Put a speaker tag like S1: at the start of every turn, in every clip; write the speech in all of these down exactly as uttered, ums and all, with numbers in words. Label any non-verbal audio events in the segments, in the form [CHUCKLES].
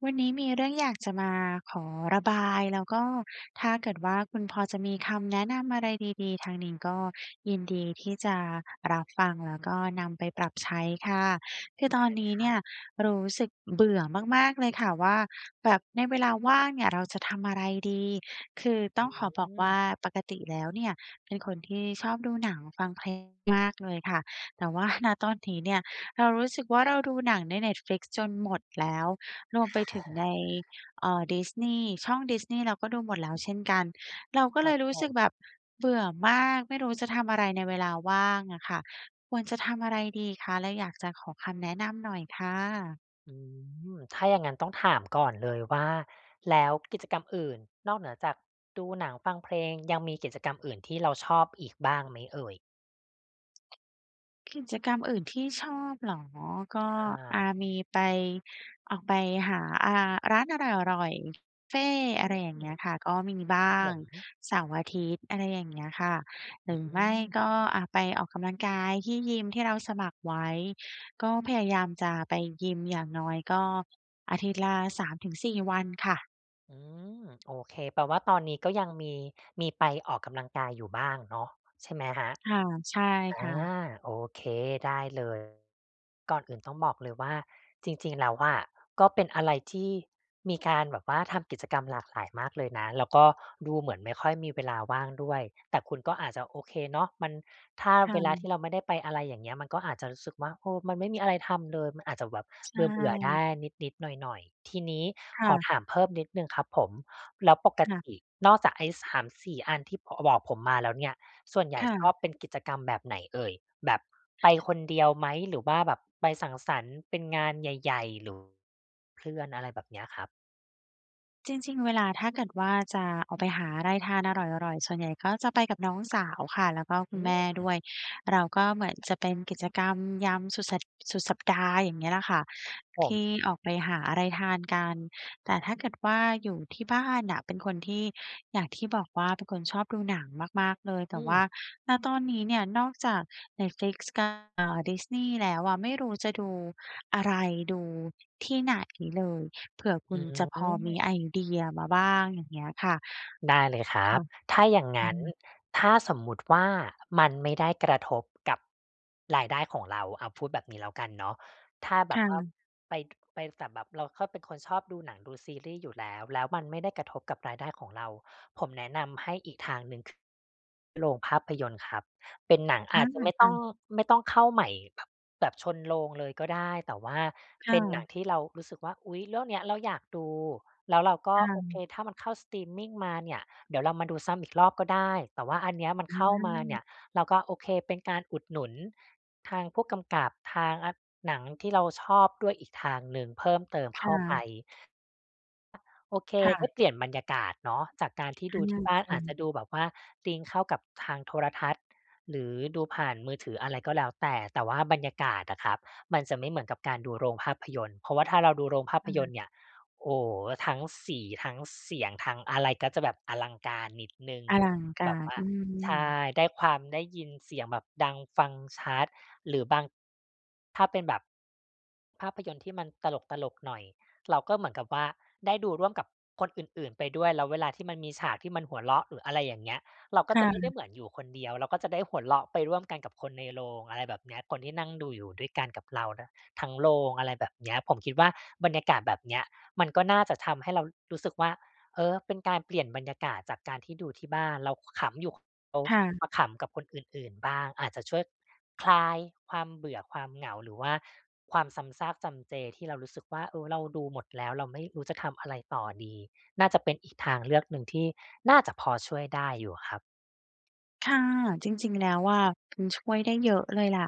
S1: วันนี้มีเรื่อง อยากจะมาขอระบาย แล้วก็ ถ้าเกิดว่าคุณพอจะมีคำแนะนำอะไรดี ๆ ทางนี้ก็ยินดีที่จะรับฟัง แล้วก็นำไปปรับใช้ค่ะ คือ
S2: ได
S1: ตอ
S2: ้
S1: น
S2: เล
S1: นี
S2: ย
S1: ้
S2: ค
S1: เน
S2: รั
S1: ี่
S2: บ
S1: ย รู้สึกเบื่อมาก ๆ เลยค่ะว่า แบบในเวลาว่างเนี่ย เราจะทำอะไรดี? คือต
S2: อ
S1: ้องขอบอกว่
S2: ืม
S1: า ปกติแล้วเนี่ย เป็นคนที่ชอบ ดูหนังฟังเพลงมากเลยค่ะ แต่ว่า ณ ตอนนี้เนี่ย เรารู้สึกว่า เราดูหนังใน Netflix จนหมดแล้ว รวมไปถึงใน
S2: [CHUCKLES]
S1: เอ่อ Disney ช่อง Disney เราก็ดูหมดแล้วเช่นกัน เราก็
S2: ค
S1: เ
S2: ร
S1: ล
S2: ับ
S1: ยรู
S2: ผ
S1: ้สึก
S2: ม
S1: แบบเบื่อมาก ไม่รู้จะทำอะไรในเวลาว่างอะค่ะ ควรจะทำอะไรดีคะ? เราอยากจะขอคำแนะนำหน่อยค่ะ
S2: อืม ถ้าอย่างงั้นต้องถามก่อนเลยว่า แล้วกิจกรรมอื่นนอกเหนือจากดูหนังฟังเพลง ยังมีกิจกรรมอื่นที่เราชอบอีกบ้างไหมเอ่ย?
S1: กิจกรรมอื่นที่ชอบเหรอ? ก็
S2: ใช
S1: อ่
S2: ่
S1: า มี ไป ออกไปหา อ่า ร้านอร่อย ๆ เฟ่
S2: อื
S1: อะไร
S2: ม
S1: อย่
S2: ค
S1: างเ
S2: ร
S1: งี้ยค่ะ ก็มีบ้
S2: ั
S1: าง
S2: บผม
S1: เสาร์อาทิตย์ อะไรอย่างเงี้ยค่ะ ห
S2: อ
S1: ร
S2: ื
S1: ือไม่ก
S2: ม
S1: ็ อ่า ไปออกกำลังกายที่ยิมที่เราสมัครไว้ ก็พยายามจะไปยิม อย่างน้อย ก็อาทิตย์ละ สามถึงสี่ วันค่ะ
S2: อือ โอเค แปลว่าตอนนี้ก็ยังมี มีไปออกกำลังกายอยู่บ้างเนาะ ใช่ไหมครับ?
S1: ค่ะ ใช่
S2: อา
S1: ค่ะ
S2: โอเค ได้เลย ก่อนอื่นต้องบอกเลยว่า จริง ๆ แล้วอะ ก็เป็นอะไรที่มีการแบบว่า ทำกิจกรรมหลากหลายมากเลยนะ แล้วก็ดูเหมือนไม่ค่อยมีเวลาว่างด้วย แต่คุณก็อาจจะโอเคเนาะ มัน ถ้า
S1: ค่
S2: เวลาท
S1: ะ
S2: ี่เราไม่ได้ไป อะไรอย่างเงี้ย มันก็อาจจะรู้สึกว่า เออ มันไม่มีอะไรทำเลย มันอาจจะแบบ
S1: ใช
S2: เบื่อ ๆ ได
S1: ่
S2: ้นิด ๆ หน่อย ๆ ทีนี้
S1: ค
S2: ข
S1: ่
S2: อ
S1: ะ
S2: ถามเพิ่มนิดหนึ่งครับผม แล้วปก
S1: ค่ะ
S2: ตินอกจากไอ้ สามสี่ อันที่ บ บอกผมมาแล้วเนี่ย ส่วนใหญ
S1: ค
S2: ่
S1: ่
S2: ชอ
S1: ะ
S2: บเป็นกิจกรรมแบบไหนเอ่ย? แบบไปคนเดียวไหม? หรือว่าแบบไปสังสรรค์เป็นงานใหญ่ ๆ หรือเพื่อน อะไรแบบเนี้ยครับ?
S1: จริง ๆ เวลาถ้าเกิดว่าจะออกไปหาอะไรทานอร่อย ๆ ส่วนใหญ่ก็จะไปกับน้องสาวค่ะ แล้วก็คุ
S2: อื
S1: ณแม่ด
S2: ม
S1: ้วย เราก็เหมือนจะเป็นกิจกรรมยามสุดสัป สุดสัปดาห์ อย่างเงี้ยแหละค่ะ ท
S2: ผม
S1: ี่ออกไปหาอะไรทานกัน แต่ถ้าเกิดว่าอยู่ที่บ้านน่ะ เป็นคนที่ อย่างที่บอกว่าเป็นคนชอบดูหนังมาก ๆ เลย แต่ว่า
S2: อือ
S1: ณ ตอนนี้เนี่ย นอกจาก Netflix กับ เอ่อ Disney แล้วอะ ไม่รู้จะดูอะไร ดูที่ไหนเลย เผื่อค
S2: อ
S1: ุ
S2: ื
S1: ณจะพอมีไ
S2: ม
S1: อเดียมาบ้าง อย่างเงี้ยค่ะ
S2: ได้เลยคร
S1: ค
S2: ั
S1: ่
S2: บ
S1: ะ
S2: ถ้าอย่างง
S1: ค่
S2: ั้น
S1: ะ
S2: ถ้าสมมุติว่ามันไม่ได้กระทบกับรายได้ของเรา อ่า พูดแบบนี้แล้วกันเนาะ ถ้าแบ
S1: ค
S2: บ
S1: ่
S2: ว่า
S1: ะ
S2: ไป ไป แต่แบบเราก็เป็นคนชอบดูหนัง ดูซีรีส์อยู่แล้ว แล้วมันไม่ได้กระทบกับรายได้ของเรา ผมแนะนำให้อีกทางหนึ่งคือโรงภาพยนตร์ครับ เป็นหนัง
S1: อ
S2: อ
S1: า
S2: าจจะไม่
S1: ค
S2: ต
S1: ่
S2: ้อง
S1: ะ
S2: ไม่ต้องเข้าใหม่แบบ แบบชนโรงเลยก็ได้ แต่ว่า
S1: ค
S2: เ
S1: ่
S2: ป็นหนั
S1: ะ
S2: งที่เรารู้สึกว่า อุ๊ย เรื่องเนี้ยเราอยากดู แล้วเราก็
S1: ค่
S2: โอเ
S1: ะ
S2: ค ถ้ามันเข้าสตรีมมิงมาเนี่ย เดี๋ยวเรามาดูซ้ำอีกรอบก็ได้ แต่ว่าอันนี้มัน
S1: อ
S2: เข้ามาเน
S1: ืม
S2: ี่ย เราก็ โอเค เป็นการอุดหนุนทางผู้กำกับทางอะหนังที่เราชอบด้วยอีกทางหนึ่ง เพิ่มเติม
S1: ค
S2: เข
S1: ่
S2: ้าไป
S1: ะ
S2: โอเค
S1: ค่
S2: ไ
S1: ะ
S2: ด้เปลี่ยนบรรยากาศเนาะ จากการที่
S1: อา
S2: ดูที่บ้าน
S1: จริ
S2: อาจจ
S1: ง
S2: ะดูแบบว่า sync เข้ากับทางโทรทัศน์ หรือดูผ่านมือถือ อะไรก็แล้วแต่ แต่ว่าบรรยากาศอะครับ มันจะไม่เหมือนกับการดูโรงภาพยนตร์ เพราะว่าถ้าเราดูโรงภา
S1: ค
S2: พ
S1: ่
S2: ยนต
S1: ะ
S2: ร์เนี่ย โอ้โฮ ทั้งสี ทั้งเสียง ทั้งอะไร ก็จะแบบอลังการนิดหนึ่ง
S1: อลังก
S2: แ
S1: า
S2: บบ
S1: ร
S2: ว่า
S1: อื
S2: ใช่
S1: ม
S2: ได้ความ ได้ยินเสียงแบบดังฟังชัด หรือบาง ถ้าเป็นแบบภาพยนตร์ ที่มันตลก ๆ หน่อย เราก็เหมือนกับว่าได้ดูร่วมกับคนอื่น ๆ ไปด้วย แล้วเวลาที่มันมีฉากที่มันหัวเราะ หรืออะไรอย่างเงี้ย เราก็
S1: ค
S2: จ
S1: ่
S2: ะไม่ได้
S1: ะ
S2: เหมือนอยู่คนเดียว เราก็จะได้หัวเราะไปร่วมกันกับคนในโรง อะไรแบบเนี้ย คนที่นั่งดูอยู่ด้วยกันกับเรานะทั้งโรง อะไรแบบเนี้ย ผมคิดว่าบรรยากาศแบบเนี้ย มันก็น่าจะทำให้เรารู้สึกว่า เออ เป็นการเปลี่ยนบรรยากาศจากการที่ดูที่บ้าน เราก็ขำอยู่คนเดียว
S1: ค่ะ
S2: มาขำกับคนอื่น ๆ บ้าง อาจจะช่วยคลายความเบื่อ ความเหงา หรือว่าความซ้ำซากจำเจ ที่เรารู้สึกว่า เออ เราดูหมดแล้ว เราไม่รู้จะทำอะไรต่อดี น่าจะเป็นอีกทางเลือกหนึ่งที่น่าจะพอช่วยได้อยู่ครับ
S1: ค่ะ จริง ๆ แล้วอะ มันช่วยได้เยอะเลยล่ะ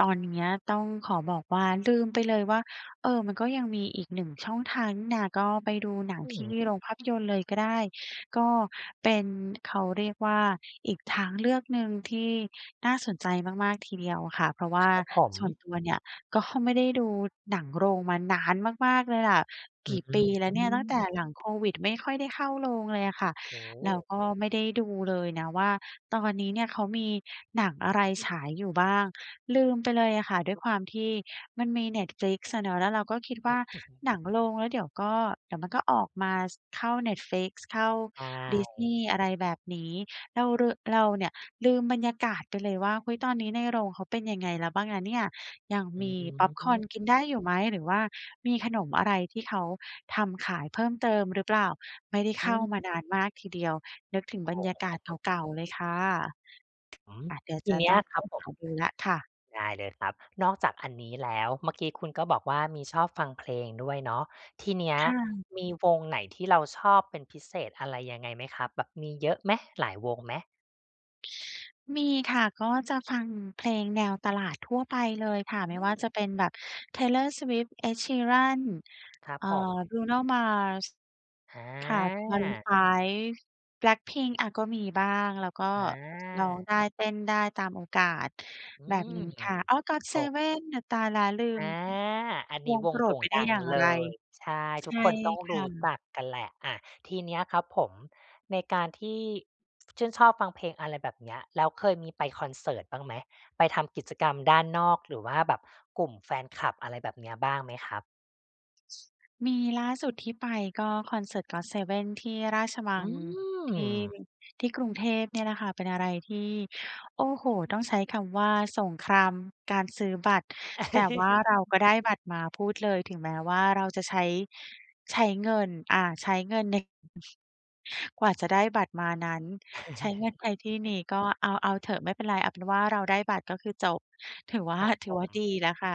S1: ตอนเนี้ยต้องขอบอกว่าลืมไปเลยว่า เออ มันก็ยังมีอีกหนึ่งช่องทางนี่นา ก็ไปดูหนัง
S2: อื
S1: ที่
S2: ม
S1: โรงภาพยนตร์เลยก็ได้ ก็เป็นเขาเรียกว่า อีกทางเลือกหนึ่งที่น่าสนใจมาก ๆ ทีเดียวค่ะ เพราะว่
S2: ค
S1: า
S2: รับผม
S1: ส่วนตัวเนี่ย ก็ ไม่ได้ดูหนังโรงมานานมาก ๆ เลยล่ะ
S2: อ
S1: ก
S2: ื
S1: ี่ปีแล้วเนี่ยตั้งแต่
S2: ม
S1: หลังโควิดไม่ค่อยได้เข้าโรงเลยอะค่ะ
S2: โ
S1: แล้ว
S2: ฮ
S1: ก็ไม่ได้ดูเลยนะว่า ตอนนี้เนี่ยเขามีหนังอะไรฉายอยู่บ้าง ลืมไปเลยอะค่ะ ด้วยความที่มันมี Netflix อะเนาะ แล้วเราก็คิด
S2: อ
S1: ว่า
S2: ืม
S1: หนังโรง แล้วเดี๋ยวก็ เดี๋ยวมันก็ออกมา ส เข้า Netflix เข้า
S2: ใช่
S1: Disney อะไรแบบนี้ เรารึ เราเนี่ยลืมบรรยากาศไปเลยว่า เฮ้ย ตอนนี้ในโรงเขาเป็นยังไงแล้วบ้างนะเนี่ย? ยัง
S2: อื
S1: มีพ็อปคอร์นกิน
S2: ม
S1: ได้อยู่ไหม? หรือว่ามีขนมอะไรที่เขาทำขายเพิ่มเติมหรือเปล่า? ไม่ได้เ
S2: อ
S1: ข้า
S2: ืม
S1: มานานมากทีเดียว นึกถึง
S2: โอ
S1: บร
S2: ้
S1: รยาก
S2: โ
S1: าศ
S2: ฮ [UNINTELLIGIBLE]
S1: เก่า ๆ เลยค่ะ
S2: อืม
S1: อา เดี๋ยว
S2: ท
S1: จ
S2: ี
S1: ะ
S2: เนี
S1: ต
S2: ้
S1: ้
S2: ย
S1: องไป
S2: ครับผ
S1: ห
S2: ม
S1: าดูแล้วค่ะ
S2: ได้เลยครับ นอกจากอันนี้แล้ว เมื่อกี้คุณก็บอกว่า มีชอบฟังเพลงด้วยเนาะ ทีเนี้ย
S1: ค่ะ
S2: มีวงไหนที่เราชอบเป็นพิเศษ อะไรยังไงไหมครับ? แบบมีเยอะไหม? หลายวงไหม?
S1: มีค่ะ ก็จะฟังเพลงแนวตลาดทั่วไปเลยค่ะ
S2: อ
S1: ไ
S2: ื
S1: ม่ว่าจ
S2: ม
S1: ะเป็นแบบ Taylor Swift, Ed Sheeran
S2: ครับ
S1: อ่า
S2: ผม
S1: Bruno Mars
S2: อ
S1: ค่ะ Maroon
S2: า
S1: 5, BLACKPINK อ่า ก็มีบ้างแล้วก็ ร้อง
S2: อา
S1: ได้ เต้นได้ตามโอกาส
S2: อื
S1: แบบ
S2: ม
S1: นี้ค่ะ อ๋อ
S2: โอ้
S1: GOT7 อ่า ตายแล้วลื
S2: อ
S1: ม
S2: า อัน
S1: ว
S2: นี้
S1: ง
S2: ว
S1: โป
S2: ง
S1: ร
S2: โด
S1: ด
S2: ่
S1: ไป
S2: ง
S1: ได้
S2: ดั
S1: อ
S2: ง
S1: ย่าง
S2: เล
S1: ไร
S2: ย ใช่
S1: ใช
S2: ทุก
S1: ่
S2: คนต้อง
S1: ค
S2: รู
S1: ่
S2: ้
S1: ะ
S2: จักกันแหละ อา ทีนี้ครับผม ในการที่ชื่นชอบฟังเพลง อะไรแบบเนี้ย แล้วเคยมีไปคอนเสิร์ตบ้างไหม? ไปทำกิจกรรมด้านนอก หรือว่าแบบกลุ่มแฟนคลับอะไรแบบนี้บ้างไหมครับ?
S1: มีล่าสุดที่ไปก็คอนเสิร์ต GOT7 ที่ราชมั
S2: อื
S1: งที่
S2: ม
S1: ที่กรุงเทพ นี่แหละค่ะ เป็นอะไรที่ โอ้โฮ ต้องใช้คำว่า สงครามการซื้อบัตร แต่ว่าเรา
S2: [CHUCKLES]
S1: ก็ได้บัตรมาพูดเลย ถึงแม้ว่าเราจะใช้ ใช้เงิน อ่า ใช้เงินใน กว่าจะได้บัตรมานั้น ใช้เงินไปที่น
S2: [CHUCKLES]
S1: ี้ ก็เอา เอาเถอะ ไม่เป็นไร เอาเป็นว่าเราได้บัตรก็คือจบ ถือว
S2: ค
S1: ่า
S2: รับ
S1: ถ
S2: ผ
S1: ือว่าด
S2: ม
S1: ีแล้วค่ะ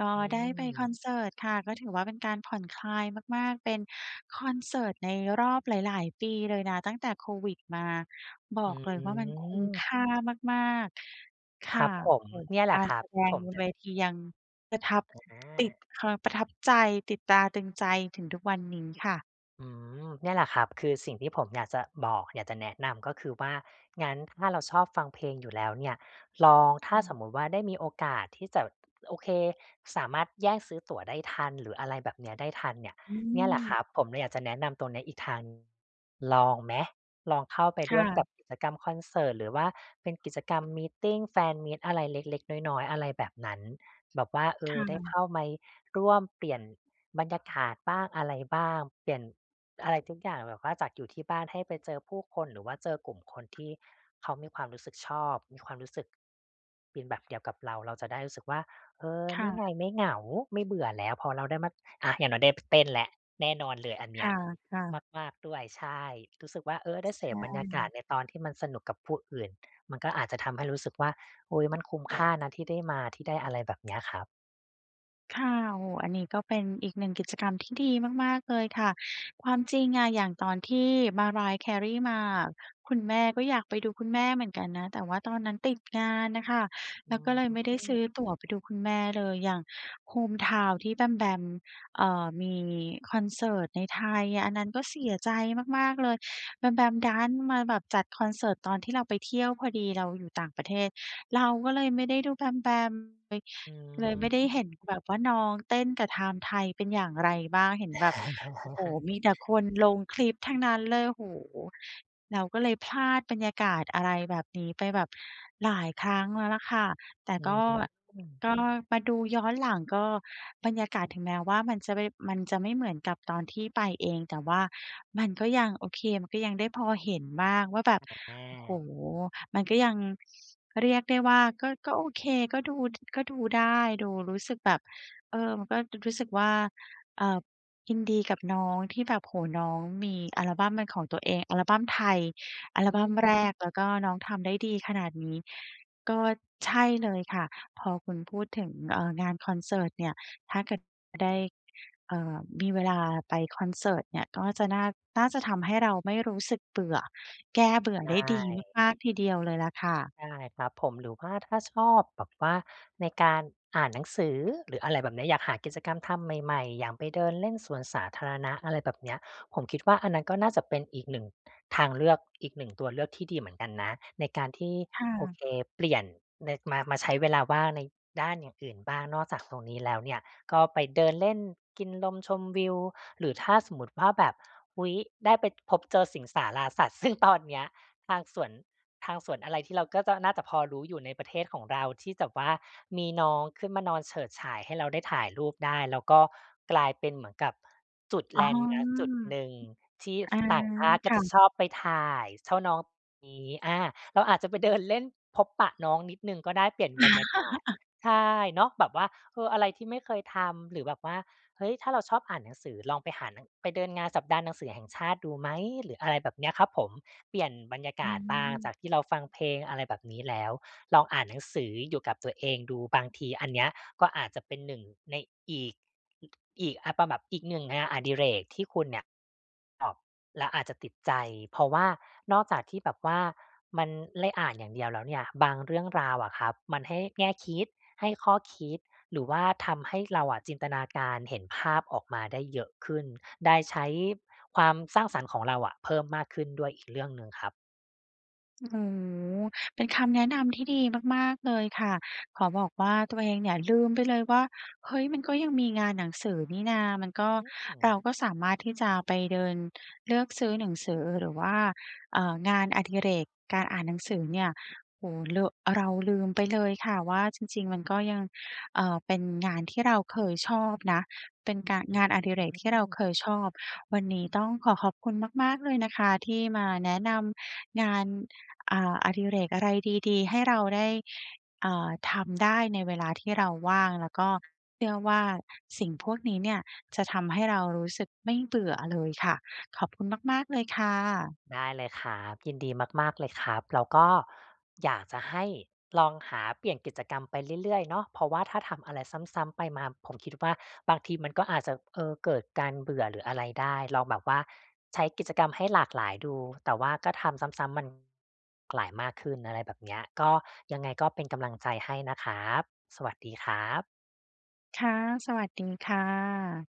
S1: ก็
S2: อื
S1: ได้ไปคอน
S2: ม
S1: เสิร์ตค่ะ ก็ถือว่าเป็นการผ่อนคลายมาก ๆ เป็นคอนเสิร์ตในรอบหลาย ๆ ปีเลยนะ ตั้งแต่ COVID มา บ
S2: อ
S1: อ
S2: ื
S1: กเลยว่ามันคุ้ม
S2: ม
S1: ค่ามาก ๆ ค
S2: คร
S1: ่
S2: ั
S1: ะ
S2: บผ
S1: โอ้
S2: ม
S1: โฮ
S2: เนี่ยแห
S1: ก
S2: ละ
S1: าร
S2: ครั
S1: แส
S2: บท
S1: ด
S2: ี่ผ
S1: ง
S2: มจะ
S1: เวทียังประทับ
S2: อ
S1: ติด
S2: า
S1: ความประทับใจ ติดตาตรึงใจถึงทุกวันนี้ค่ะ
S2: อืม เนี่ยแหละครับคือสิ่งที่ผมอยากจะบอก อยากจะแนะนำ ก็คือว่า งั้นถ้าเราชอบฟังเพลงอยู่แล้วเนี่ย ลอง ถ
S1: อ
S2: ้
S1: ื
S2: าส
S1: ม
S2: มมุติว่า ได้มีโอกาสที่จะ โอเค สามารถแย่งซื้อตั๋วได้ทัน หรือ อะไรแบบเนี้ย ได้ทันเนี่ย
S1: อื
S2: เนี่ยแหละคร
S1: ม
S2: ับ ผมเลยอยากจะแนะนำตัวนี้อีกทางหนึ่ง ลองไหม? ลองเข้าไป
S1: ค
S2: ร
S1: ่
S2: ่วมกั
S1: ะ
S2: บกิจกรรมคอนเสิร์ต หรือว่าเป็นกิจกรรมมีตติง แฟนมีต อะไรเล็ก ๆ น้อย ๆ อะไรแบบนั้น แบบว่า เอ
S1: ค
S2: อ
S1: ่
S2: ได้
S1: ะ
S2: เข้าไม ร่วมเปลี่ยน บรรยากาศบ้างอะไรบ้าง เปลี่ยน อะไรทุกอย่างแบบว่าจากอยู่ที่บ้านให้ไปเจอผู้คน หรือว่าเจอกลุ่มคนที่ เขามีความรู้สึกชอบ มีความรู้สึก เป็นแบบเดียวกับเรา เราจะได้รู้สึกว่า เออ
S1: ค
S2: น
S1: ่
S2: ี่
S1: ะ
S2: ไงไม่เหงา ไม่เบื่อแล้ว พอเราได้มา อา อย่างน้อยได้ พ เต้นแล้ว แน่นอนเลยอัน
S1: ค
S2: เนี้
S1: ่
S2: ย
S1: ะ ค่ะ
S2: มาก ๆ ด้วย ใช่ รู้สึกว่า เออ ได้เส
S1: ใช
S2: พบรรยากา
S1: ่
S2: ศในตอนที่มันสนุกกับผู้อื่น มันก็อาจจะทำให้รู้สึกว่า "อุ๊ย มันคุ้มค่านะที่ได้มา" ที่ได้ อะไรแบบเนี้ยครับ
S1: ค่ะ โอ้โฮ อันนี้ก็เป็นอีก หนึ่ง กิจกรรมที่ดีมาก ๆ เลยค่ะ ความจริงอะ อย่างตอนที่ Mariah Carey มาอะ คุณแม่ก็อยากไปดูคุณแม่เหมือนกันนะ แต่ว่าตอนนั้นติด งานน่ะค่ะ
S2: อ
S1: แล
S2: ื
S1: ้วก็เลยไม่ได้ซื
S2: ม
S1: ้อตั๋วไปดูคุณแม่เลย อย่าง Home Town ที่แบมแบม เอ่อ มีคอนเสิร์ตในไทย อันนั้นก็เสียใจมาก ๆ เลย แบมแบมดันมาแบบจัดคอนเสิร์ตตอนที่เราไปเที่ยวพอดี เราอยู่ต่างประเทศ เราก็เลยไม่ได้ดูแบมแบมเลย
S2: อื
S1: เลยไม่ได้เห็
S2: ม
S1: นแบบว่าน้องเต้นกับธามไทเป็นอย่างไรบ้าง เห็นแบบ โอ้โฮ มีแต่ค
S2: [LAUGHS]
S1: นลงคลิปทั้งนั้นเลย โอ้โฮ เราก็เลยพลาดบรรยากาศอะไรแบบนี้ไปแบบหลายครั้งแล้วล่ะค่ะ แต่
S2: อื
S1: ก็
S2: ม
S1: ก็มาดูย้อนหลัง ก็ บรรยากาศถึงแม้ว่ามันจะไม่ มันจะไม่เหมือนกับตอนที่ไปเอง แต่ว่ามันก็ยังโอเค มันก็ยังได้พอเห็นบ้างว่าแบบ
S2: [UNINTELLIGIBLE] แน
S1: โอ้โฮ
S2: ่
S1: มันก็ยัง เรียกได้ว่าก็ ก็โอเค ก็ดู ก็ดูได้ ดูรู้สึกแบบ เออ มันก็ ด รู้สึกว่า เอ่อ ยินดีกับน้องที่แบบ โอ้โฮ น้องมีอัลบัมเป็นของตัวเอง อัลบัมไทยอัล
S2: อื
S1: บั้ม แร
S2: ม
S1: ก แล้วก็น้องทำได้ดีขนาดนี้ ก็ ใช่เลยค่ะ พอคุณพูดถึง เอ่อ งานคอนเสิร์ตเนี่ย ถ้าเกิด ได้ เอ่อ มีเวลาไปคอนเสิร์ตเนี่ย ก็จะน่า น่าจะทำให้เราไม่รู้สึกเบื่อ แก้เบื่
S2: ใช
S1: อได้ดี
S2: ่
S1: มาก ๆ ทีเดียวเลยล่ะค่ะ
S2: ใช่ครับผม หรือว่าถ้าชอบแบบว่า ในการ อ่านหนังสือ หรืออะไรแบบเนี้ย อยากหากิจกรรมทำใหม่ ๆ อย่างไปเดินเล่นสวนสาธารณะ อะไรแบบเนี้ย ผมคิดว่า อันนั้นก็น่าจะเป็นอีก หนึ่ง ทางเลือก อีก หนึ่ง ตัวเลือกที่ดีเหมือนกันนะ ในการที่
S1: ค่
S2: โอ
S1: ะ
S2: เค เปลี่ยน ใน มา มาใช้เวลาว่างในด้านอย่างอื่นบ้าง นอกจาก ตรงนี้แล้วเนี่ย ก็ไปเดินเล่น กินลมชมวิว หรือถ้าสมมติว่า แบบ อุ๊ย ได้ไปพบเจอสิงสาราสัตว์ ซึ่งตอนเนี้ยทางสวน ทางสวนอะไรที่เราก็จะน่าจะพอรู้อยู่ในประเทศของเรา ที่จะว่ามีน้องขึ้นมานอนเฉิดฉายให้เราได้ถ่ายรูปได้ แล้วก็กลายเป็นเหมือนกับจุด
S1: อ๋
S2: แ
S1: อ
S2: ลนด์มาร์กจุดหนึ่ง ที่
S1: อา
S2: ต่างชาติ
S1: ค
S2: ก็
S1: ่
S2: จะ
S1: ะ
S2: ชอบไป ถ่ายชอบน้อง นี้ อา เราอาจจะไปเดินเล่นพบปะน้องนิดหนึ่ง ก็ได้เปลี่ยนบรรยากาศ
S1: [LAUGHS]
S2: ใช่เนาะ แบบว่า เออ อะไรที่ไม่เคยทำ หรือแบบว่า เฮ้ย ถ้าเราชอบอ่านหนังสือ ลองไปหาหนัง ไปเดินงานสัปดาห์หนังสือแห่งชาติดูไหม หรืออะไรแบบเนี้ยครับผม เปลี่ยนบรรยา
S1: อ
S2: ก
S1: ื
S2: าศบ้าง
S1: ม
S2: จากที่เราฟังเพลง อะไรแบบนี้แล้ว ลองอ่านหนังสืออยู่กับตัวเองดู บางทีอันเนี้ยก็อาจจะเป็น หนึ่ง ในอีก อ อีก อ่า เป็นแบบอีกหนึ่งงานอดิเรกที่คุณเนี่ย อ้อ เราอาจจะติดใจ เพราะว่า นอกจากที่แบบว่ามันได้อ่านอย่างเดียวแล้วเนี่ย บางเรื่องราวอะครับ มันให้แง่คิด ให้ข้อคิด หรือว่าทำให้เราอะจินตนาการเห็นภาพออกมาได้เยอะขึ้น ได้ใช้ความสร้างสรรค์ของเราอะเพิ่มมากขึ้นด้วยอีกเรื่องหนึ่งครับ
S1: โอ้โฮ เป็นคำแนะนำที่ดีมาก ๆ เลยค่ะ ขอบอกว่าตัวเองเนี่ยลืมไปเลยว่า เฮ้ย มันก็ยังมีงานหนังสือนี่นา มันก็
S2: อื
S1: เรา
S2: ม
S1: ก็สามารถที่จะไปเดินเลือกซื้อหนังสือ หรือว่า เอ่อ งานอดิเรก การอ่านหนังสือเนี่ย โอ้โฮ เรอะ เราลืมไปเลยค่ะว่า จริง ๆ มันก็ยัง เอ่อ เป็นงานที่เราเคยชอบนะ เป็นการ
S2: อื้
S1: งา
S2: อ
S1: นอดิเร
S2: ฮ
S1: ก
S2: ื
S1: ที่เราเ
S2: อ
S1: คยชอบ วันนี้ต้องขอขอบคุณมาก ๆ เลยนะคะที่มาแนะนำงาน อ่า อดิเรกอะไรดี ๆ ให้เราได้ อ่า ทำได้ในเวลาที่เราว่าง แล้วก็เชื่อว่า สิ่งพวกนี้เนี่ยจะทำให้เรารู้สึกไม่เบื่อเลยค่ะ ขอบคุณมาก ๆ เลยค่ะ
S2: ได้เลยครับ ยินดีมาก ๆ เลยครับ แล้วก็อยากจะให้ลองหาเปลี่ยนกิจกรรมไปเรื่อย ๆ เนาะ เพราะว่าถ้าทำอะไรซ้ำ ๆ ไปมา ผมคิดว่าบางทีมันก็อาจจะ เออ เกิดการเบื่อหรืออะไรได้ ลองแบบว่าใช้กิจกรรมให้หลากหลายดู แต่ว่าก็ทำซ้ำ ๆ มัน หลายมากขึ้น อะไรแบบเนี้ย ก็ ยังไงก็เป็นกำลังใจให้นะครับ สวัสดีครับ
S1: ค่ะ สวัสดีค่ะ